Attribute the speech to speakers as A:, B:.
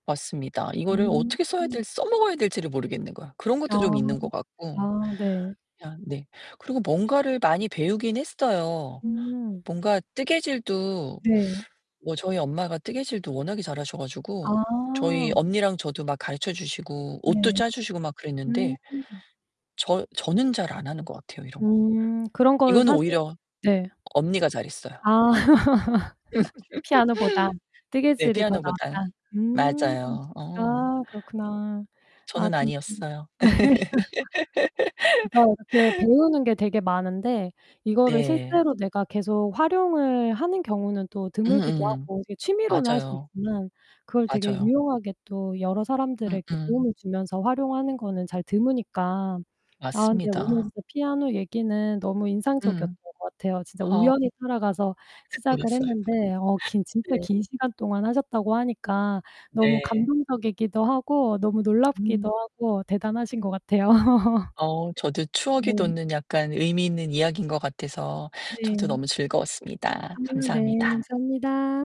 A: 맞습니다. 이거를
B: 음.
A: 어떻게 써야 될 써먹어야 될지를 모르겠는 거야. 그런
B: 아.
A: 것도 좀 있는 것 같고.
B: 아 네.
A: 그냥 네. 그리고 뭔가를 많이 배우긴 했어요.
B: 아.
A: 뭔가 뜨개질도
B: 네.
A: 뭐 저희 엄마가 뜨개질도 워낙에 잘하셔 가지고 저희
B: 아.
A: 언니랑 저도 막 가르쳐 주시고 옷도
B: 네.
A: 짜주시고 막
B: 음.
A: 그랬는데. 저 저는 잘 안 하는 것 같아요, 이런 거.
B: 음. 그런 거를
A: 이거는
B: 사세요.
A: 오히려
B: 네.
A: 언니가 잘 했어요.
B: 아. 피아노보다
A: 네.
B: 뜨개질이 더
A: 피아노보다.
B: 나았다. 음.
A: 맞아요. 어.
B: 아 그렇구나. 아
A: 저는
B: 진심.
A: 아니었어요.
B: 맞아요. 이렇게 배우는 게 되게 많은데 이거를
A: 네.
B: 실제로 내가 계속 활용을 하는 경우는 또 드물기도
A: 음음.
B: 하고 이렇게 취미로는 할 수
A: 맞아요.
B: 있지만 그걸 되게
A: 맞아요.
B: 유용하게 또 여러 사람들에게
A: 음음.
B: 도움을 주면서 활용하는 거는 잘 드무니까. 아 근데 오늘
A: 맞습니다.
B: 진짜 피아노 얘기는 너무 인상적이었던
A: 음.
B: 것 같아요. 진짜
A: 어.
B: 우연히 하러 가서 시작을
A: 좋았어요.
B: 했는데 어 긴 진짜
A: 네.
B: 긴 시간 동안 하셨다고 하니까 너무
A: 네.
B: 감동적이기도 하고, 너무 놀랍기도
A: 음.
B: 하고, 대단하신 것 같아요.
A: 어. 저도 추억이
B: 네.
A: 돋는 약간 의미 있는 이야기인 것 같아서 저도
B: 네.
A: 너무
B: 아
A: 즐거웠습니다.
B: 네.
A: 감사합니다.
B: 감사합니다.